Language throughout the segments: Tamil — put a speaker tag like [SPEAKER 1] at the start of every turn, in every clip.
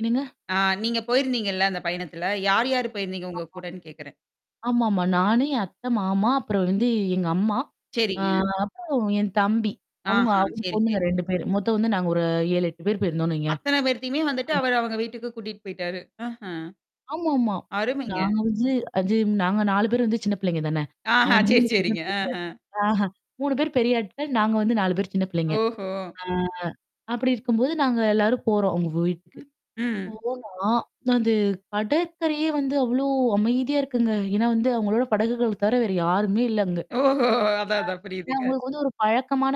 [SPEAKER 1] என்னங்க?
[SPEAKER 2] ஆ நீங்க போயிருந்தீங்கல்ல அந்த பயணத்தில. யார், யார் போயிருந்தீங்க உங்க
[SPEAKER 1] ஆமா.
[SPEAKER 2] கூடன்னு கேட்குறேன்.
[SPEAKER 1] ஆமாமா. நானு என் அத்தை மாமா, அப்புறம் வந்து எங்க அம்மா. ஆ
[SPEAKER 2] சரிங்க.
[SPEAKER 1] அப்பறம் என் தம்பி. அவங்க
[SPEAKER 2] ஆஹா,
[SPEAKER 1] அவரு
[SPEAKER 2] சரி,
[SPEAKER 1] பொண்ணுங்க
[SPEAKER 2] சரிங்க.
[SPEAKER 1] 2 பேரு. மொத்தம் வந்து நாங்க ஒரு 7, 8 பேரு போயிருந்தோனு வைங்க.
[SPEAKER 2] அத்தனை பேரத்தையுமே வந்துட்டு
[SPEAKER 1] ம்.
[SPEAKER 2] அவர் அவங்க வீட்டுக்கு கூட்டிட்டு போய்ட்டாரு. ஆஹ.
[SPEAKER 1] ஆமாமா.
[SPEAKER 2] அருமைங்க.
[SPEAKER 1] நாங்க வந்து அது நாங்க 4 பேர் வந்து சின்ன பிள்ளைங்க தானே.
[SPEAKER 2] ஆஹா
[SPEAKER 1] அவங்க
[SPEAKER 2] சரி,
[SPEAKER 1] 3 பேரும்தான்
[SPEAKER 2] சரிங்க. ஆஹ.
[SPEAKER 1] [unintelligible] ஆஹ 3 பேர் பெரிய ஆட்கள். நாங்க வந்து 4 பேர் சின்ன பிள்ளைங்க.
[SPEAKER 2] ஓஹோ!
[SPEAKER 1] ஆ, அப்டி இருக்கும்போது நாங்க எல்லாரும் போறோம், அவங்க வீட்டுக்கு.
[SPEAKER 2] ம்.
[SPEAKER 1] போனா, அது கடற்கறையே வந்து அவ்ளோ அமைதியா இருக்குங்க. ஏன்னா வந்து அவங்களோட படகுகள் தவர வேற யாருமே இல்ல அங்க.
[SPEAKER 2] ஓஹோ! அதான், அதான்.
[SPEAKER 1] அ இது
[SPEAKER 2] புரியுதுங்க.
[SPEAKER 1] அவங்களுக்கு வந்து ஒரு பழக்கமான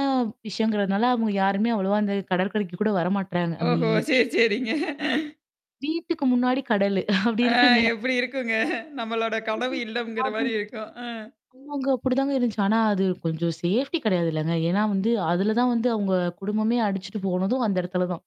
[SPEAKER 1] விஷயங்கிறதுனால, அவங்க யாருமே அவ்வளவா அந்த கடற்கரைக்கு கூட வரமாட்றாங்க.
[SPEAKER 2] ஓஹோ!
[SPEAKER 1] அமைதியா
[SPEAKER 2] சரி,
[SPEAKER 1] இருக்கு.
[SPEAKER 2] சரிங்க.
[SPEAKER 1] வீட்டுக்கு முன்னாடி கடலு அப்டி
[SPEAKER 2] ஆ,
[SPEAKER 1] இருக்குங்க.
[SPEAKER 2] எப்டி இருக்குங்க? நம்மளோட கனவு
[SPEAKER 1] [unintelligible]
[SPEAKER 2] இல்லம்ங்குற
[SPEAKER 1] அவங்க
[SPEAKER 2] மாரி இருக்கும். அ.
[SPEAKER 1] ஆமாங்க, அப்டிதாங்க இருந்துச்சு. ஆனா அது கொஞ்சம் சேஃப்டி கிடையாதுல்லங்க. ஏனா வந்து, அதுல தான் வந்து அவங்க குடும்பமே அடிச்சுட்டு போனதும் அந்த இடத்துல தான்.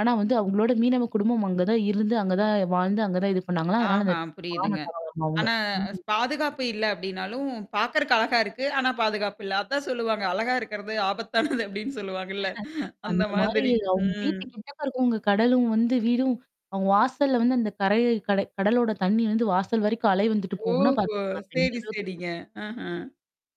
[SPEAKER 1] ஆனா வந்து அவங்களோட மீனவ குடும்பம் அங்க தான் இருந்து, அங்க தான் வாழ்ந்து அங்க தான் இது பண்ணாங்களாம். அதனால அந்த
[SPEAKER 2] ஆஹா,
[SPEAKER 1] [unintelligible]
[SPEAKER 2] புரியுதுங்க.
[SPEAKER 1] தரவாம அவங்க.
[SPEAKER 2] ஆனா, அ
[SPEAKER 1] ம்.
[SPEAKER 2] பாதுகாப்பு இல்ல அப்டினாலும், பார்க்கறக்கு அழகா இருக்கு. ஆனா பாதுகாப்பு இல்ல. அதான் சொல்லுவாங்க. அழகா இருக்கிறது ஆபத்தானது அப்டின்னு சொல்லுவாங்கல்ல! அந்த
[SPEAKER 1] அந்த மாரி
[SPEAKER 2] மாதிரி.
[SPEAKER 1] அவங்க
[SPEAKER 2] ம்.
[SPEAKER 1] வீட்டு கிட்டக்க இருக்கவங்க கடலும் வந்து, வீடும் அவங்க வாசல்ல வந்து அந்த கரைய கடை கடலோட தண்ணீ வந்து வாசல் வரைக்கும் அலை வந்துட்டு போகுனா
[SPEAKER 2] ஓஹோ!
[SPEAKER 1] பார்த்துக்கோங்க. அப்ப எந்த
[SPEAKER 2] சரி,
[SPEAKER 1] அளவுக்கு
[SPEAKER 2] சரிங்க. ஆஹ.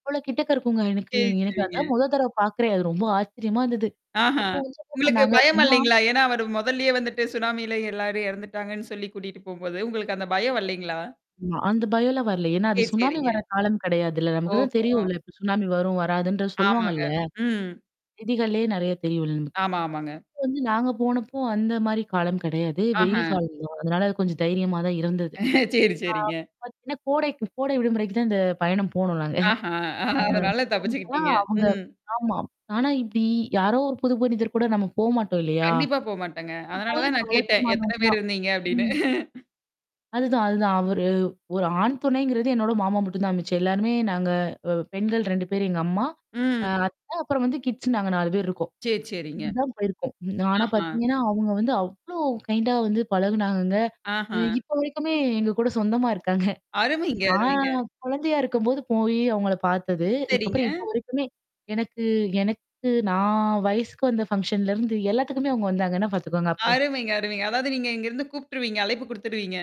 [SPEAKER 1] இவ்ளோ கிட்டக்க இருக்குங்க எனக்கு
[SPEAKER 2] சரி,
[SPEAKER 1] எனக்கு அதான்
[SPEAKER 2] சரிங்க.
[SPEAKER 1] முத தடவ பாார்க்குறேன். அது ரொம்ப ஆச்சரியமா இருந்தது.
[SPEAKER 2] ஆஹா.
[SPEAKER 1] அப்போ வந்து என்ன
[SPEAKER 2] உங்களுக்கு
[SPEAKER 1] பண்ணாங்க
[SPEAKER 2] பயம்
[SPEAKER 1] அப்டின்னா
[SPEAKER 2] வரலேங்களா? ஏன்னா, அவரு மொதல்லயே வந்துட்டு சுனாமியில எல்லாரும் இறந்துட்டாங்கன்னு சொல்லி கூட்டிட்டு போம்போது, உங்களுக்கு அந்த பயம் வரலேங்களா?
[SPEAKER 1] ஆமா, அந்த பயம்லாம் வரல. ஏன்னா, அது
[SPEAKER 2] சரி,
[SPEAKER 1] சுனாமி
[SPEAKER 2] சரிங்க.
[SPEAKER 1] வர காலம் கிடையாதுல்ல. நமக்கு தான்
[SPEAKER 2] ஓஹோ!
[SPEAKER 1] தெரியும்ல்ல. இப்ப சுனாமி வரும், வராதுன்ற
[SPEAKER 2] ஆமாங்க.
[SPEAKER 1] சொல்லுவாங்கல்ல.
[SPEAKER 2] ம்.
[SPEAKER 1] செய்திகள்லயே நெறைய தெரியும்ல்ல நமக்கு.
[SPEAKER 2] ஆமா, ஆமாங்க.
[SPEAKER 1] இப்ப வந்து நாங்க போனப்போ அந்த மாரி காலம் கிடையாது. வெயில்
[SPEAKER 2] ஆஹ.
[SPEAKER 1] காலம் தான். அதனால அது கொஞ்சம் தைரியமா தான் இருந்தது. ஆ.
[SPEAKER 2] சரி, சரிங்க.
[SPEAKER 1] பாத்தீங்கன்னா கோடைக்கு கோடை விடுமுறைக்கு தான் இந்த பயணம் போணோம்
[SPEAKER 2] ஆஹா. அதனால
[SPEAKER 1] நாங்க. அ
[SPEAKER 2] தப்பிச்சுக்கிட்டீங்க.
[SPEAKER 1] [unintelligible] அவங்க
[SPEAKER 2] ம்.
[SPEAKER 1] ஆமா. ஆனா இப்டி யாரோ ஒரு புது மனிதர் கூட நம்ம போமாட்டோம் இல்லையா?
[SPEAKER 2] கண்டிப்பா போமாட்டேங்க.
[SPEAKER 1] அப்டி
[SPEAKER 2] அதனால
[SPEAKER 1] போய்
[SPEAKER 2] தான் நான் கேட்டேன்.
[SPEAKER 1] பழக்கமானவங்க
[SPEAKER 2] எத்தன பேர்
[SPEAKER 1] தான்.
[SPEAKER 2] இருந்தீங்க? அப்டின்னு.
[SPEAKER 1] ம். அதுதான், அதுதான். அவர் ஒரு ஆண் துணைங்கிறது என்னோட மாமா மட்டும் தான் மிச்சு. எல்லாருமே நாங்க அ பெண்கள் 2 பேரு எங்க அம்மா அ
[SPEAKER 2] ம்.
[SPEAKER 1] அத்த அப்புறம் வந்து கிட்ஸு நாங்க 4 பேர் இருக்கோம்.
[SPEAKER 2] சரி, சரிங்க.
[SPEAKER 1] இப்டிதான் போயிருக்கும். ஆனா
[SPEAKER 2] ஆஹா.
[SPEAKER 1] பார்த்தீங்கன்னா, அவங்க வந்து அவ்ளோ கைண்டா வந்து பழகுனாங்கங்க. அ
[SPEAKER 2] ஆஹா.
[SPEAKER 1] இப்போ வரைக்குமே எங்க கூட சொந்தமா இருக்காங்க.
[SPEAKER 2] அருமைங்க,
[SPEAKER 1] நான்
[SPEAKER 2] அருமைங்க.
[SPEAKER 1] குழந்தையா இருக்கும்போது போயி அவங்கள பார்த்தது.
[SPEAKER 2] சரிங்க.
[SPEAKER 1] அதுக்கப்புறம் இப்போ வரைக்குமே. எனக்கு எனக்கு நான் வயசுக்கு வந்த ஃபங்ஷன்லருந்து எல்லாத்துக்குமே அங்க வந்தாங்கன்னா பார்த்துக்கோங்க! அப்ப.
[SPEAKER 2] அருமைங்க, அருமைங்க. அதாவது நீங்க இங்கருந்து கூப்புட்டுருவீங்க? அழைப்பு குடுத்துருவீங்க?